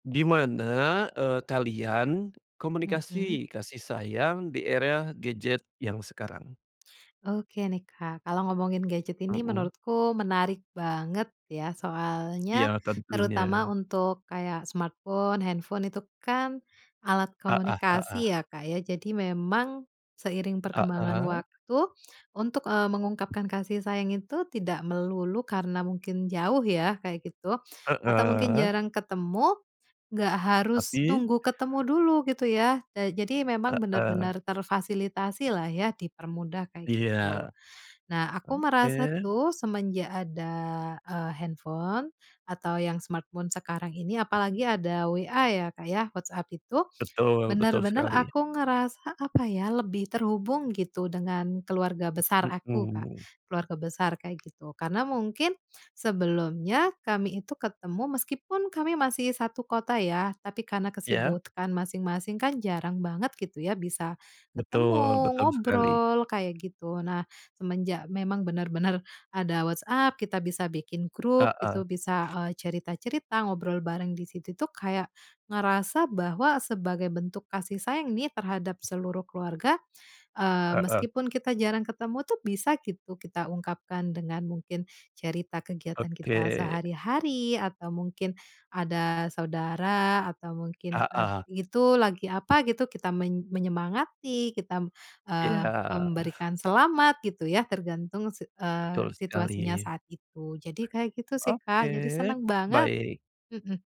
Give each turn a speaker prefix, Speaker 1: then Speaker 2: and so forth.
Speaker 1: Gimana, eee, kalian
Speaker 2: Mhm.
Speaker 1: komunikasi kasih sayang di era gadget yang sekarang?
Speaker 2: Oke nih, Kak, kalau ngomongin gadget ini
Speaker 1: Mhm.
Speaker 2: menurutku menarik banget ya.
Speaker 1: Iya,
Speaker 2: Soalnya
Speaker 1: tentunya.
Speaker 2: terutama untuk kayak smartphone, handphone itu kan alat
Speaker 1: Ah hah ah hah.
Speaker 2: komunikasi ya, Kak, ya. Jadi memang seiring
Speaker 1: Ah
Speaker 2: perkembangan
Speaker 1: hah.
Speaker 2: waktu untuk, eee, mengungkapkan kasih sayang itu tidak melulu karena mungkin jauh ya kayak gitu, atau mungkin
Speaker 1: Heeh.
Speaker 2: jarang ketemu, nggak harus
Speaker 1: Tapi
Speaker 2: tunggu ketemu dulu gitu ya. Eee, jadi memang
Speaker 1: Heeh.
Speaker 2: benar-benar terfasilitasilah ya, dipermudah kayak
Speaker 1: Iya.
Speaker 2: gitu. Nah, aku
Speaker 1: Oke.
Speaker 2: merasa tuh semenjak ada, eee, handphone atau yang smartphone sekarang ini, apalagi ada WA ya, Kak, ya, WhatsApp itu
Speaker 1: Betul, betul
Speaker 2: benar-benar
Speaker 1: sekali.
Speaker 2: aku ngerasa apa ya, lebih terhubung gitu dengan keluarga besar aku, Kak.
Speaker 1: Mhm.
Speaker 2: Keluarga besar kayak gitu. Karena mungkin sebelumnya kami itu ketemu meskipun kami masih 1 kota ya, tapi karena
Speaker 1: Ya.
Speaker 2: kesibukan masing-masing kan jarang banget gitu ya bisa
Speaker 1: Betul,
Speaker 2: ketemu,
Speaker 1: betul sekali.
Speaker 2: ngobrol kayak gitu. Nah, semenjak memang benar-benar ada WhatsApp, kita bisa bikin
Speaker 1: Ah
Speaker 2: grup
Speaker 1: hah.
Speaker 2: gitu, bisa, eee, cerita-cerita, ngobrol bareng di situ. Itu kayak ngerasa bahwa sebagai bentuk kasih sayang nih terhadap seluruh keluarga, eee,
Speaker 1: Heeh.
Speaker 2: meskipun kita jarang ketemu tuh bisa gitu kita ungkapkan dengan mungkin cerita kegiatan kita
Speaker 1: Oke.
Speaker 2: sehari-hari atau mungkin ada saudara, atau
Speaker 1: Ah
Speaker 2: mungkin at
Speaker 1: hah
Speaker 2: itu lagi apa gitu, kita men menyemangati, kita, eee,
Speaker 1: Iya.
Speaker 2: memberikan selamat gitu ya tergantung sit
Speaker 1: Betul
Speaker 2: eee,
Speaker 1: sekali.
Speaker 2: situasinya saat itu. Jadi kayak gitu sih,
Speaker 1: Oke,
Speaker 2: Kak. Jadi seneng banget!
Speaker 1: baik.
Speaker 2: Mhm.